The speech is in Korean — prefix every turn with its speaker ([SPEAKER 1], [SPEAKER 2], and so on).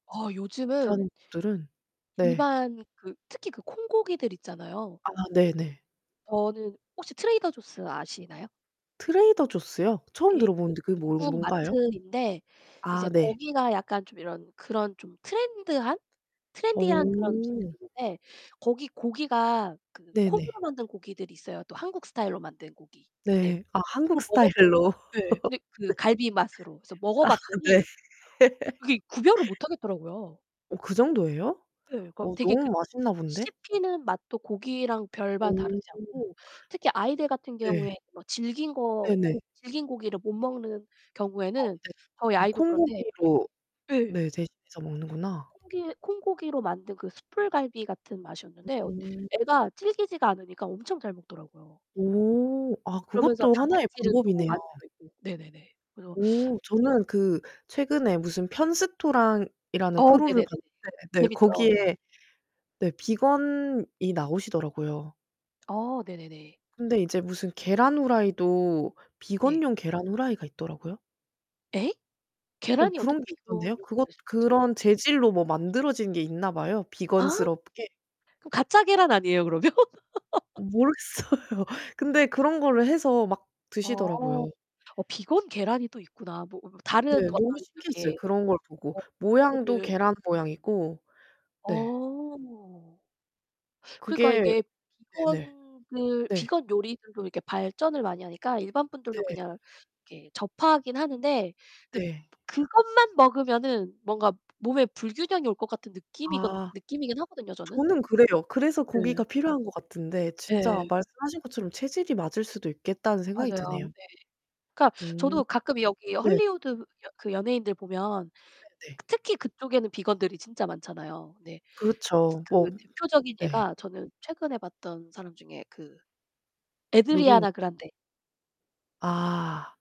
[SPEAKER 1] 어
[SPEAKER 2] 그런
[SPEAKER 1] 요즘은
[SPEAKER 2] 것들은 네.
[SPEAKER 1] 일반 그 특히 그 콩고기들 있잖아요.
[SPEAKER 2] 아 네네.
[SPEAKER 1] 저는 혹시 Trader Jaws 아시나요?
[SPEAKER 2] 트레이더 조스요? 처음
[SPEAKER 1] 예. 그
[SPEAKER 2] 들어보는데 그게 뭔
[SPEAKER 1] 미국
[SPEAKER 2] 뭔가요?
[SPEAKER 1] 마트인데
[SPEAKER 2] 아
[SPEAKER 1] 이제
[SPEAKER 2] 네.
[SPEAKER 1] 거기가 약간 좀 이런 그런 좀 Trend 한? Trendy 한 그런
[SPEAKER 2] 어
[SPEAKER 1] 음식들이 있는데 거기 고기가 그
[SPEAKER 2] 네 네.
[SPEAKER 1] 콩으로 만든 고기들이 있어요. 또 한국 스타일로 만든 고기 네.
[SPEAKER 2] 네, 아 한국
[SPEAKER 1] 그걸 먹었
[SPEAKER 2] 스타일로.
[SPEAKER 1] 네, 근데 그
[SPEAKER 2] 네.
[SPEAKER 1] 갈비 맛으로 그래서
[SPEAKER 2] 아 네.
[SPEAKER 1] 먹어봤더니 그게 구별을 못하겠더라고요.
[SPEAKER 2] 어 그정도예요?
[SPEAKER 1] 네, 거
[SPEAKER 2] 어
[SPEAKER 1] 되게 그
[SPEAKER 2] 너무 맛있나 본데.
[SPEAKER 1] 씹히는 맛도 고기랑 별반 다르지
[SPEAKER 2] 오
[SPEAKER 1] 않고 특히 아이들 같은
[SPEAKER 2] 네.
[SPEAKER 1] 경우에 뭐 질긴 거
[SPEAKER 2] 네네
[SPEAKER 1] 고 질긴 고기를 못 먹는
[SPEAKER 2] 어
[SPEAKER 1] 경우에는
[SPEAKER 2] 네.
[SPEAKER 1] 저희
[SPEAKER 2] 그
[SPEAKER 1] 아이도 그런데 이게
[SPEAKER 2] 콩고기로 네
[SPEAKER 1] 예.
[SPEAKER 2] 대신해서 먹는구나.
[SPEAKER 1] 콩고기, 콩고기로 만든 그 숯불갈비 같은 맛이었는데
[SPEAKER 2] 음.
[SPEAKER 1] 애가 질기지가 않으니까 엄청 잘 먹더라고요.
[SPEAKER 2] 오 아
[SPEAKER 1] 그러면서
[SPEAKER 2] 그것도 하나의
[SPEAKER 1] 단백질은
[SPEAKER 2] 방법
[SPEAKER 1] 또
[SPEAKER 2] 이네요.
[SPEAKER 1] 많이 들어있고. 네네네, 그래서
[SPEAKER 2] 오 저는 그 최근에 무슨 편스토랑이라는
[SPEAKER 1] 어
[SPEAKER 2] 프로를
[SPEAKER 1] 네네네네.
[SPEAKER 2] 봤는데 네
[SPEAKER 1] 재밌죠.
[SPEAKER 2] 거기에. 네 비건이 나오시더라고요.
[SPEAKER 1] 어 네네네.
[SPEAKER 2] 근데 이제 무슨 계란 후라이도
[SPEAKER 1] 네.
[SPEAKER 2] 비건용 계란 후라이가 있더라고요.
[SPEAKER 1] 예?
[SPEAKER 2] 어
[SPEAKER 1] 계란이
[SPEAKER 2] 그런
[SPEAKER 1] 어떻게
[SPEAKER 2] 게
[SPEAKER 1] 비건
[SPEAKER 2] 있던데요.
[SPEAKER 1] 용이
[SPEAKER 2] 그것
[SPEAKER 1] 될 수 있죠?
[SPEAKER 2] 그런 재질로 뭐 만들어진 게 있나 봐요.
[SPEAKER 1] 아?
[SPEAKER 2] 비건스럽게.
[SPEAKER 1] 가짜 계란 아니에요, 그러면?
[SPEAKER 2] 어 모르겠어요. 근데 그런 거를 해서 막
[SPEAKER 1] 어,
[SPEAKER 2] 드시더라고요.
[SPEAKER 1] 어 비건 계란이 또 있구나. 뭐 어 어
[SPEAKER 2] 네.
[SPEAKER 1] 다른 어떤
[SPEAKER 2] 너무 신기했어요.
[SPEAKER 1] 이렇게
[SPEAKER 2] 그런 걸 보고
[SPEAKER 1] 어
[SPEAKER 2] 모양도
[SPEAKER 1] 그거를
[SPEAKER 2] 계란 모양이고. 네.
[SPEAKER 1] 어. 그러니까
[SPEAKER 2] 그게
[SPEAKER 1] 이게
[SPEAKER 2] 네네.
[SPEAKER 1] 비건들
[SPEAKER 2] 네.
[SPEAKER 1] 비건 요리들도 이렇게 발전을 많이 하니까 일반 분들도
[SPEAKER 2] 네.
[SPEAKER 1] 그냥 이렇게 접하긴 하는데 근데
[SPEAKER 2] 네.
[SPEAKER 1] 그것만 먹으면 뭔가 몸에 불균형이 올 것 같은 느낌이 건
[SPEAKER 2] 아
[SPEAKER 1] 느낌이긴 하거든요, 저는.
[SPEAKER 2] 저는 그래요. 그래서 고기가
[SPEAKER 1] 네.
[SPEAKER 2] 필요한 것 같은데 진짜
[SPEAKER 1] 예.
[SPEAKER 2] 말씀하신 것처럼 체질이 맞을 수도 있겠다는 생각이
[SPEAKER 1] 맞아요.
[SPEAKER 2] 드네요.
[SPEAKER 1] 네. 그니까
[SPEAKER 2] 음.
[SPEAKER 1] 저도 가끔 여기
[SPEAKER 2] 네.
[SPEAKER 1] Hollywood 여 그 연예인들 보면
[SPEAKER 2] 네네.
[SPEAKER 1] 특히 그쪽에는 비건들이 진짜 많잖아요. 네.
[SPEAKER 2] 그렇죠. 뭐
[SPEAKER 1] 그 대표적인
[SPEAKER 2] 네.
[SPEAKER 1] 예가 저는 최근에 봤던 사람 중에 그
[SPEAKER 2] 누구인
[SPEAKER 1] Ariana Grande.
[SPEAKER 2] 아.